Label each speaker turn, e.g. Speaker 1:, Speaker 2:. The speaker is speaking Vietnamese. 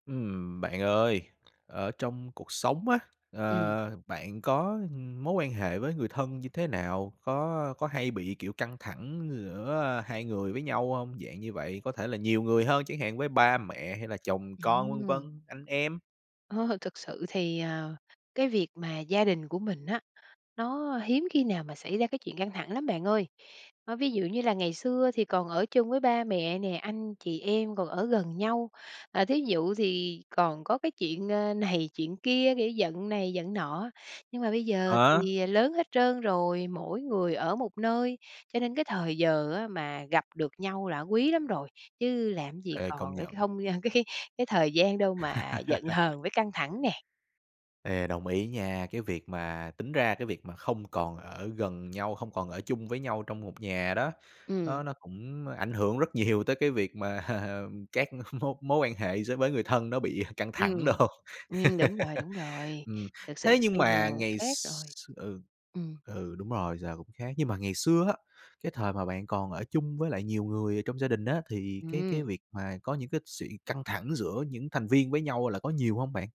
Speaker 1: Ừm, bạn ơi, ở trong cuộc sống á,
Speaker 2: Ừm.
Speaker 1: ờ, bạn có, ừm, mối quan hệ với người thân như thế nào? Có có hay bị, kiểu, căng thẳng giữa, ờ, hai người với nhau hông? Dạng như vậy, có thể là nhiều người hơn chẳng hạn, với ba mẹ hay là chồng con,
Speaker 2: Ừm.
Speaker 1: vân vân, anh em.
Speaker 2: Ờ, thực sự thì, ờ, cái việc mà gia đình của mình á, nó hiếm khi nào mà xảy ra cái chuyện căng thẳng lắm bạn ơi. Ơ, ví dụ như là ngày xưa thì còn ở chung với ba mẹ nè, anh chị em còn ở gần nhau, à, thí dụ thì còn có cái chuyện, ơ, này chuyện kia, kiểu, giận này giận nọ, nhưng mà bây giờ
Speaker 1: À.
Speaker 2: thì lớn hết trơn rồi, mỗi người ở một nơi, cho nên cái thời giờ á mà gặp được nhau là quý lắm rồi. Chứ làm cái gì
Speaker 1: Ê, công
Speaker 2: còn ở
Speaker 1: nhận.
Speaker 2: không, a, cái cái thời gian đâu mà giận hờn với căng thẳng nè.
Speaker 1: Ê, đồng ý nha, cái việc mà tính ra cái việc mà không còn ở gần nhau, không còn ở chung với nhau trong một nhà đó,
Speaker 2: Ừm.
Speaker 1: nó nó cũng ảnh hưởng rất nhiều tới cái việc mà các mối mối quan hệ giữa với người thân nó bị căng thẳng đồ.
Speaker 2: Ừm, ừm, đúng rồi, đúng rồi.
Speaker 1: Ừm,
Speaker 2: Thực sự
Speaker 1: thế nhưng
Speaker 2: bây
Speaker 1: mà
Speaker 2: giờ
Speaker 1: ngày
Speaker 2: khác
Speaker 1: x
Speaker 2: rồi.
Speaker 1: ừ,
Speaker 2: Ừm.
Speaker 1: ừ, đúng rồi, giờ cũng khác, nhưng mà ngày xưa á, cái thời mà bạn còn ở chung với lại nhiều người ở trong gia đình á, thì cái cái
Speaker 2: Ừm.
Speaker 1: việc mà có những cái sự căng thẳng giữa những thành viên với nhau là có nhiều hông bạn?